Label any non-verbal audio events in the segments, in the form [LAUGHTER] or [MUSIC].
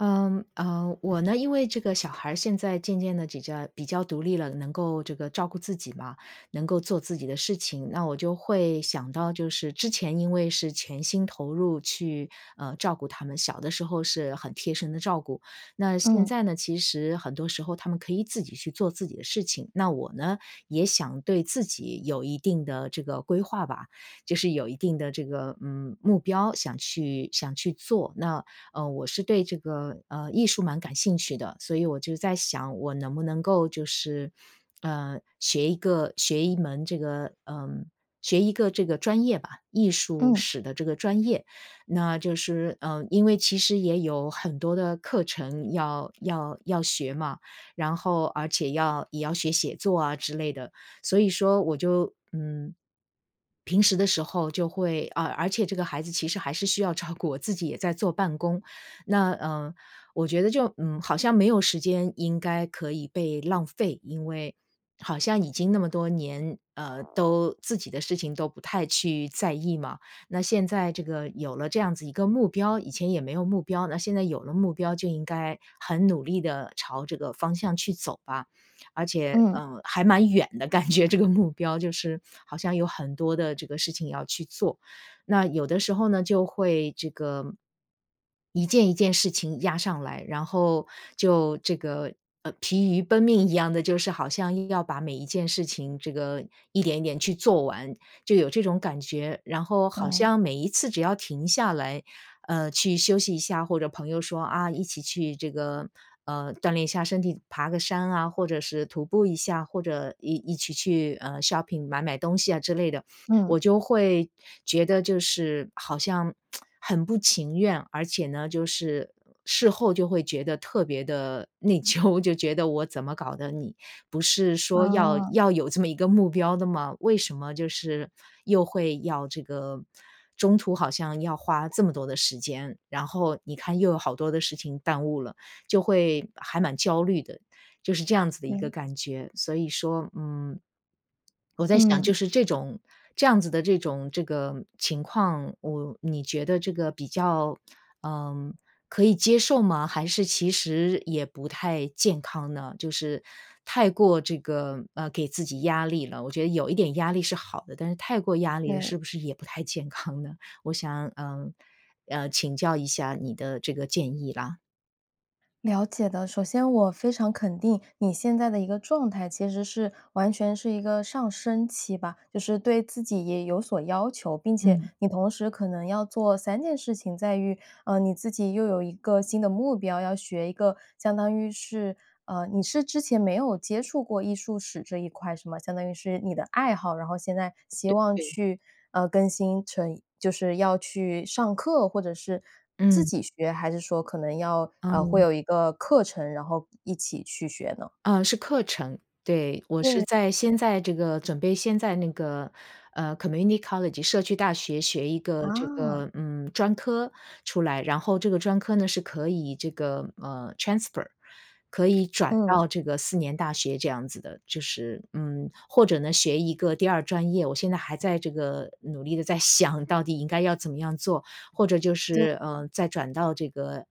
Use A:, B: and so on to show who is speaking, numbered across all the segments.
A: 呃呃，我呢因为这个小孩儿现在渐渐地比较比较独立了，能够这个照顾自己嘛，能够做自己的事情。那我就会想到就是之前因为是全心投入去，呃，照顾他们，小的时候是很贴身地照顾。那现
B: 嗯。
A: 在呢，其实很多时候，他们可以自己去做自己的事情。那我呢，也想对自己有一定的这个规划吧。就是有一定的这个，嗯，目标想去想去做，那，呃，我是对这个，呃，艺术蛮感兴趣的。所以我就在想我能不能够就是，呃，学一个学一门这个呃，学一个这个专业吧，艺术
B: 嗯。
A: 史的这个专业。那就是，呃，因为其实也有很多的课程要要要学嘛，然后而且要也要学写作啊之类的。所以说我就，嗯，平时的时候，就会呃，而且这个孩子其实还是需要照顾，我自己也在做办公。那，呃，我觉得就，嗯，好像没有时间应该可以被浪费，因为好像已经那么多年，呃，都自己的事情都不太去在意嘛。那现在这个有了这样子一个目标，以前也没有目标，那现在有了目标就应该很努力地朝这个方向去走吧。而且，
B: 嗯。
A: 呃，还蛮远的，感觉这个目标就是，好像有很多的这个事情要去做。那有的时候呢就会这个一件一件事情压上来，然后就这个，呃，疲于奔命一样的，就是好像硬要把每一件事情这个一点一点去做完，就有这种感觉。然后好
B: 懂。
A: 像每一次只要停下来，呃，去休息一下，或者朋友说，啊，一起去这个呃，锻炼一下身体，爬个山啊，或者是徒步一下，或者一一起去，呃 shopping 买买东西，啊，之类的，
B: 嗯。
A: 我就会觉得就是好像 [TSK] 很不情愿。而且呢就是事后就会觉得特别地内疚，就觉得我怎么搞的，你不是说要
B: 哦。
A: 要有这么一个目标的吗？为什么就是又会要这个中途好像要花这么多的时间，然后你看又有好多的事情耽误了，就会还蛮焦虑的，就是这样子的一个
B: 对。
A: 感觉。所以说，嗯，我在想
B: 嗯。
A: 就是这种这样子的这种这个情况，我你觉得这个比较，呃，可以接受吗，还是其实也不太健康呢？就是太过这个，呃，给自己压力了，我觉得有一点压力是好的，但是太过压力了
B: 对。
A: 是不是也不太健康呢？我想，呃，嗯，请教一下你的这个建议，啦。
B: 了解的。首先我非常肯定你现在的一个状态，其实是完全是一个上升期吧，就是对自己也有所要求。并且
A: 嗯。
B: 你同时可能要做3件事情，在于，呃，你自己又有一个新的目标，要学一个相当于是呃，你是之前没有接触过艺术史这一块是吗？相当于是你的爱好，然后现在希
A: 对
B: 望
A: 对。
B: 去，呃，更新成一就是要去上课或者是自
A: 嗯。
B: 己学，还是说可能要呃，会
A: 嗯。
B: 有一个课程，然后一一起去学呢？
A: 呃，是课程，对。我是
B: 对，
A: 在
B: 呃。
A: 先在这个准备先在那个，呃，community college 社区大学学一个这
B: 哦。
A: 个，嗯，专科出来，然后这个专科呢是可以这个，呃，transfer，可以转到
B: 嗯。
A: 这个四年大学这样子的，就是嗯，或者呢学一个第2专业，我现在还在这个努力地在想到底应该要怎么样做。或者就
B: 对。
A: 是，呃，再转到这个，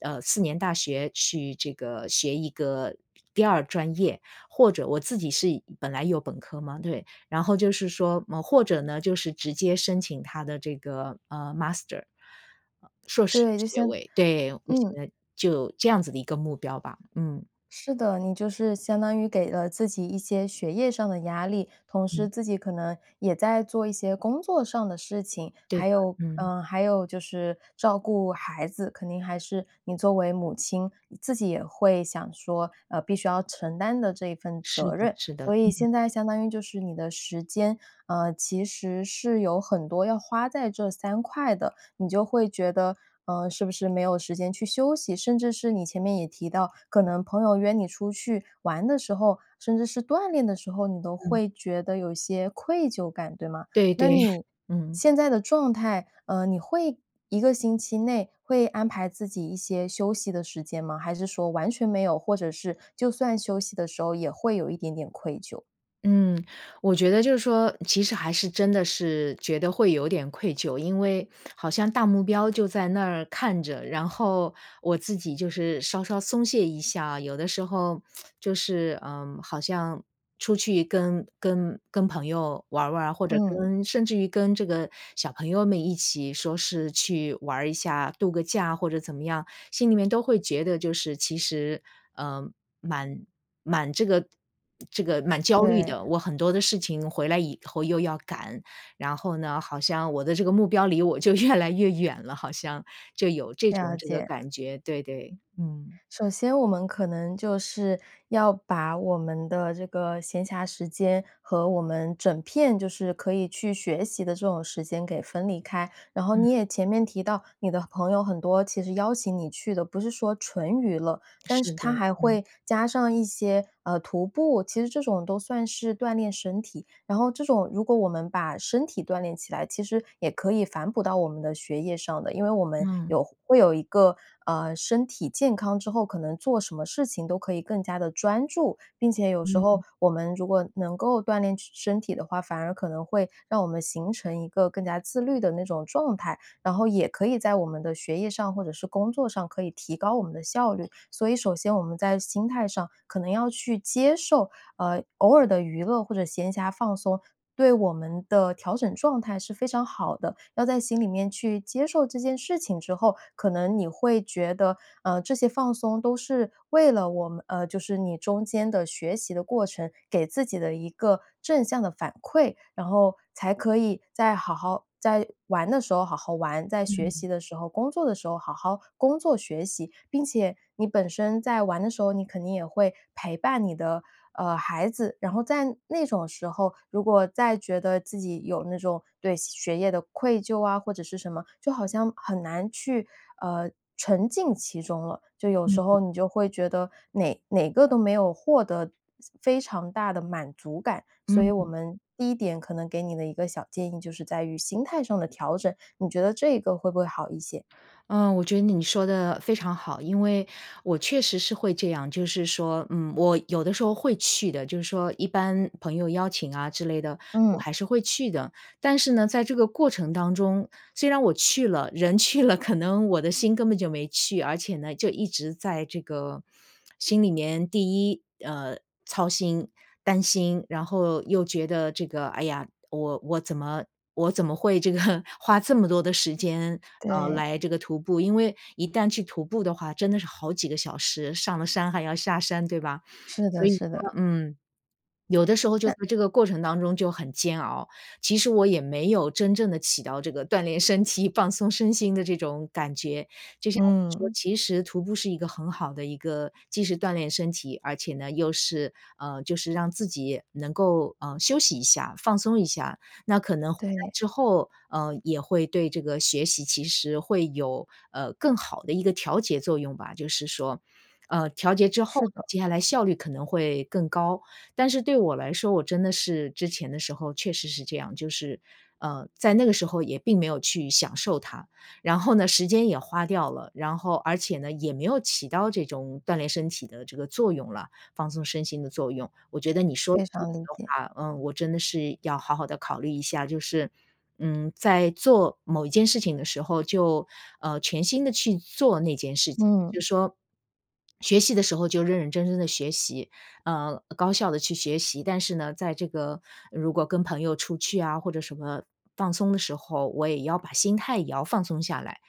A: 呃，四年大学去这个学一个第2专业。或者我自己是一本来有本科嘛，对，然后就是说么或者呢就是直接申请它的这个，呃，master，呃，硕士
B: 对，就
A: 学
B: 先
A: 位，对。我现
B: 嗯。
A: 在就这样子的一个目标吧，嗯。
B: 是的，你就是相当于给了自己一些学业上的压力，同时
A: 嗯。
B: 自己可能也在做一些工作上的事情。
A: 对
B: 还
A: 的，
B: 有，
A: 嗯。
B: 呃，还有就是照顾孩子，肯定还是你作为母亲，自己也会想说，呃，必须要承担的这一份
A: 是
B: 责
A: 的
B: 任。
A: 是的，
B: 所以
A: 嗯。
B: 现在相当于就是你的时间，呃，其实是有很多要花在这3块的。你就会觉得，呃，是不是没有时间去休息？甚至是你前面也提到，可能朋友约你出去玩的时候，甚至是锻炼的时候，你都
A: 嗯。
B: 会觉得有一些愧疚感，对吗？
A: 对对，
B: 那
A: [CHUCKLES]
B: 你
A: 嗯。
B: 现在的状态，呃，你会一个星期内，会安排自己一些休息的时间吗？还是说完全没有，或者是就算休息的时候也会有一点点愧疚？
A: 嗯，我觉得就是说，其实还是真的是觉得会有点愧疚。因为好像大目标就在那儿看着，然后我自己就是稍稍松懈一下，有的时候 [SMACKS LIPS] 就是，呃，好像出去跟跟跟朋友玩儿玩儿，或者
B: 嗯。
A: 跟甚至于跟这个小朋友们一起说是去玩儿一下，度个假或者怎么样，心里面都会觉得就是其实，呃，蛮蛮这个这个蛮焦虑
B: 对。
A: 的。我很多的事情回来以后又要赶，然后呢，好像我的这个目标离我就越来越远了，好像。就有这种
B: 了
A: 这个
B: 解。
A: 感觉。对对，嗯。
B: 首先我们可能就是，要把我们的这个闲暇时间，和我们整片就是可以去学习的这种时间给分离开。然后你
A: 嗯。
B: 也前面提到，你的朋友很多其实邀请你去的不是说纯娱乐，但是
A: 是的，
B: 他还
A: 嗯。
B: 会加上一些，呃，徒步，其实这种都算是锻炼身体。然后这种如果我们把身体锻炼起来，其实也可以反哺到我们的学业上的。因为我们
A: 嗯。
B: 有会有一个，呃，身体健康之后，可能做什么事情都可以更加地专注。并且有时候
A: 嗯。
B: 我们如果能够锻炼身身体的话，反而可能会让我们形成一个更加自律的那种状态，然后也可以在我们的学业上或者是工作上可以提高我们的效率。所以首先我们在心态上可能要去接受，呃，偶尔的娱乐或者闲暇放松，对我们的调整状态是非常好的。要在心里面去接受这件事情之后，可能你会觉得，呃，这些放松都是为了我们呃，就是你中间的学习的过程，给自己的一个正向的反馈。然后才可以再好好在玩的时候好好玩，在学习
A: 嗯。
B: 的时候工作的时候好好工作学习。并且你本身在玩的时候，你肯定也会陪伴你的，呃，孩子。然后在那种时候，如果再觉得自己有那种对学业的愧疚啊，或者是什么，就好像很难去，呃，沉浸其中了。就有时
A: 嗯。
B: 候你就会觉得哪哪个都没有获得非常大的满足感。所以我
A: 嗯。
B: 们第1点可能给你的一个小建议就是在于心态上的调整，你觉得这个会不会好一些？
A: 呃，我觉得你说的非常好。因为我确实是会这样，就是说，嗯，我有的时候会去的，就是说一般朋友邀请啊，之类的，我
B: 嗯。
A: 还是会去的。但是呢在这个过程当中，虽然我去了，人去了，可能我的心根本就没去。而且呢，就一直在这个心里面第1，呃，操心、担心。然后又觉得这个，哎呀，我我怎么我怎么会这个花这么多的时间，呃，
B: 对。
A: 来这个徒步？因为一旦去徒步的话，真的是好几个小时，上了山还要下山对吧？
B: 是
A: 所
B: 的
A: 以
B: 是
A: 说
B: 的。
A: 嗯。有的时候就
B: 那
A: 在这个过程当中就很煎熬，其实我也没有真正的起到这个锻炼身体、放松身心的这种感觉，就像你说
B: 嗯。
A: 其实徒步是一个很好的一个既是锻炼身体，而且呢又是呃，就是让自己能够，呃，休息一下、放松一下。那可能回来
B: 对。
A: 之后，呃，也会对这个学习其实会有，呃，更好的一个调节作用吧，就是说。呃，调节之后，
B: 是的。
A: 接下来效率可能会更高。但是对我来说，我真的是之前的时候确实是这样，就是，呃，在那个时候也并没有去享受它。然后呢，时间也花掉了，然后而且呢，也没有起到这种锻炼身体的这个作用了，放松身心的作用。我觉得你说的
B: 非
A: 这个
B: 常理
A: 的
B: 解。
A: 话，嗯，我真的是要好好地考虑一下。就是，嗯，在做某一件事情的时候，就，呃，全心地去做那件事情。就是
B: 嗯。
A: 说，学习的时候就认认真真的学习，呃，高效的去学习。但是呢，在这个如果跟朋友出去啊，或者什么放松的时候，我也要把心态也要放松下来。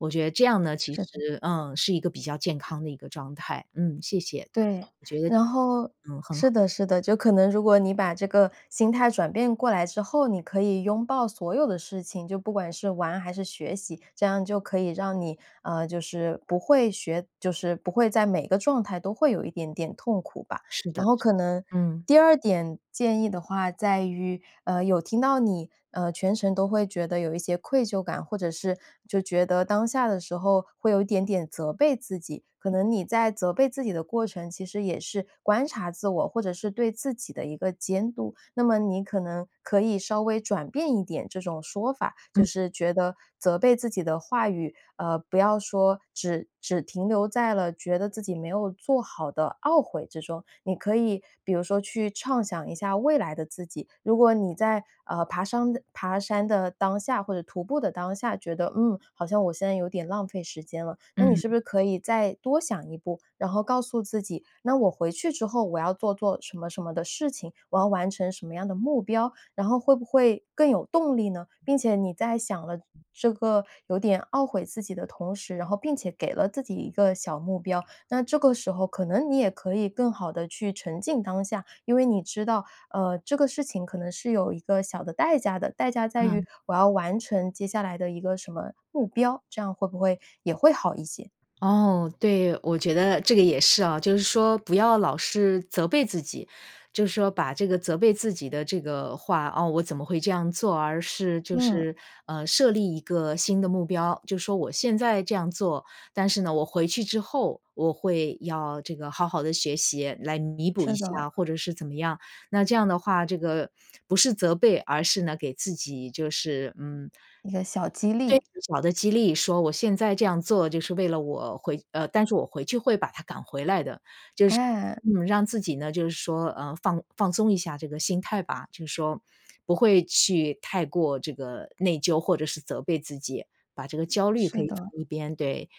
A: 我觉得这样呢，其
B: 是的。
A: 实，嗯，是一个比较健康的一个状态。嗯，谢谢。
B: 对，
A: 我觉得
B: 然后
A: 嗯，很
B: 是
A: 好。
B: 的是的。就可能如果你把这个心态转变过来之后，你可以拥抱所有的事情。就不管是玩还是学习，这样就可以让你，嗯，就是不会学就是不会在每个状态都会有一点点痛苦吧。
A: 是的
B: 然后
A: 是的，
B: 可能
A: 嗯。
B: 第2点建议的话在于，呃，有听到你，呃，全程都会觉得有一些愧疚感或者是就觉得当下的时候会有一点点责备自己。可能你在责备自己的过程，其实也是观察自我或者是对自己的一个监督，那么你可能可以稍微转变一点这种说法。就
A: 嗯。
B: 是觉得责备自己的话语，呃，不要说只只停留在了觉得自己没有做好的懊悔之中，你可以比如说去畅想一下未来的自己。如果你在，呃，爬山的爬山的当下或者徒步的当下觉得，嗯，好像我现在有点浪费时间了，那你是
A: 嗯。
B: 不是可以再多想一步，然后告诉自己那我回去之后我要做做什么什么的事情，我要完成什么样的目标，然后会不会更有动力呢？并且你在想了这个有点懊悔自己的同时，然后并且给了自己一个小目标，那这个时候可能你也可以更好的去沉浸当下，因为你知道，呃，这个事情可能是有一个小的代价的，代价在
A: 嗯。
B: 于我要完成接下来的一个什么目标，这样会不会也会好一些？
A: 哦，对。我觉得这个也是啊，就是说不要老是责备自己，就是说把这个责备自己的这个话“哦！我怎么会这样做啊？”而是就
B: 嗯。
A: 是，呃，设立一个新的目标。就说我现在这样做，但是呢，我回去之后我会要这个好好地学习，来弥补
B: 是
A: 一
B: 的。
A: 下或者是怎么样。那这样的话，这个不是责备，而是呢给自己就是，嗯
B: 一个小激
A: 对，
B: 励。
A: 小的激励。说我现在这样做就是为了我回呃，但是我回去会把它赶回来的，就是
B: 哎。
A: 嗯，让自己呢就是说，呃，放放松一下这个心态吧。就是说不会去太过这个内疚或者是责备自己，把这个焦虑可
B: 是
A: 以放
B: 的。
A: 一边，对。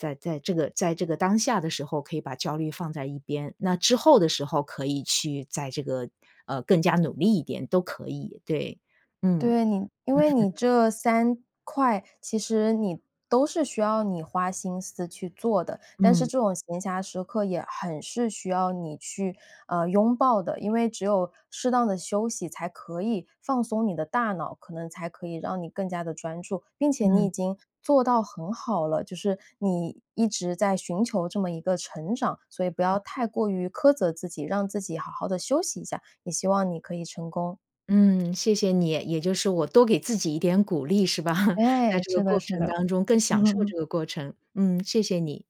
A: 在在这个在这个当下的时候可以把焦虑放在一边，那之后的时候可以去再这个，呃，更加努力一点都可以。对。嗯。
B: 对，你因为
A: [CHUCKLES]
B: 你这3块，其实你都是需要你花心思去做的。但是
A: 嗯。
B: 这种闲暇时刻也很是需要你，呃，去拥抱的，因为只有适当地休息才可以放松你的大脑，可能才可以让你更加的专注。并且你
A: 嗯。
B: 已经做到很好了，就是你一直在寻求这么一个成长。所以不要太过于苛责自己，让自己好好的休息一下，也希望你可以成功。
A: 嗯，谢谢你。也就是我多给自己一点鼓励是吧。在
B: 诶，
A: 这个
B: 是的
A: 过
B: 是
A: 程
B: 的。
A: 当中更享受
B: [LAUGHS]
A: 这个过程。嗯，谢谢你。